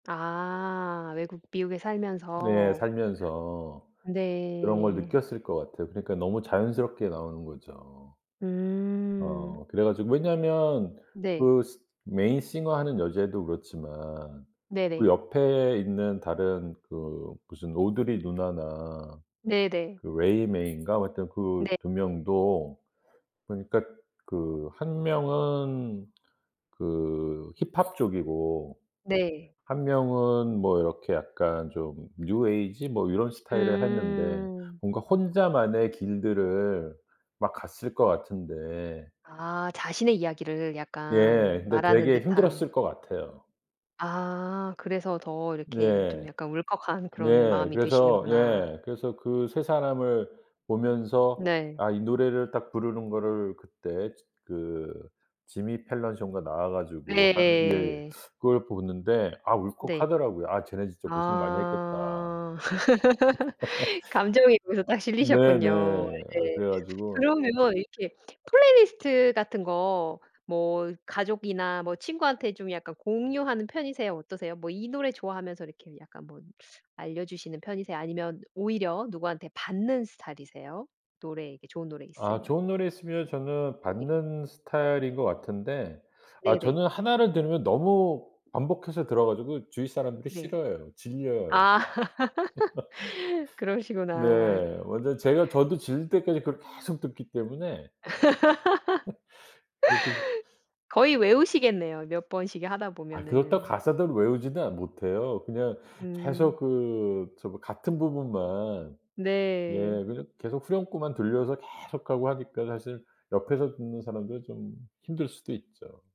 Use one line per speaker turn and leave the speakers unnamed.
아 외국 미국에
네.
살면서.
살면서 그런 걸
네.
느꼈을 것 같아요. 그러니까 너무 자연스럽게 나오는 거죠.
음.
어 그래 가지고 왜냐면
네.
그 시 메인 싱어 하는 여자애도 그렇지만 그
네네.
옆에 있는 다른 그 무슨 오드리 누나나
네네.
그 레이 메이인가 하여튼 그
네.
2 명도 보니까 그 1 명은 그 힙합 쪽이고
네.
1 명은 뭐 이렇게 약간 좀 뉴에이지 뭐 이런 스타일을 했는데
음.
뭔가 혼자만의 길들을 막 갔을 것 같은데
아 자신의 이야기를 약간
예. 근데
말하는
되게
듯한.
힘들었을 것 같아요.
아 그래서 더 이렇게 좀
네.
약간 울컥한 그런
네.
마음이
그래서
드시는구나.
예 그래서 그 3 사람을 보면서
네.
아 이 노래를 딱 부르는 거를 그때 츠 그 지미 펠런쇼인가 나와 가지고 하는 예예
네.
그걸 보는데 아
네.
울컥하더라고요. '아 쟤네 진짜 고생 많이 했겠다.'
아. 감정이 거기서 딱 실리셨군요.
네네.
네.
그래 가지고
그러면 이렇게 플레이 리스트 같은 거 뭐 가족이나 뭐 친구한테 좀 약간 공유하는 편이세요? 어떠세요? 뭐 이 노래 좋아하면서 이렇게 약간 뭐 알려 주시는 편이세요? 아니면 오히려 누구한테 받는 스타일이세요? 노래 이렇게 좋은 노래
아
있으면.
좋은 노래 있으면 저는
네.
받는 스타일인 것 같은데 아
네네.
저는 하나를 들으면 너무 반복해서 들어 가지고 주위 사람들이
네.
싫어해요. 질려해요.
아. 그러시구나.
네.
음.
완전 제가 저도 질릴 때까지 그걸
음.
계속 듣기 때문에 그게 진짜
거의 외우시겠네요, 몇 번씩 이 하다
아 그렇다고
보면은.
가사도 외우지도 않 못해요. 그냥 계속
음.
그 저 뭐 같은 부분만 예
네.
그냥 계속 후렴구만 들려서 계속하고 하니까 사실 옆에서 듣는 사람들은 좀 힘들 수도 있죠.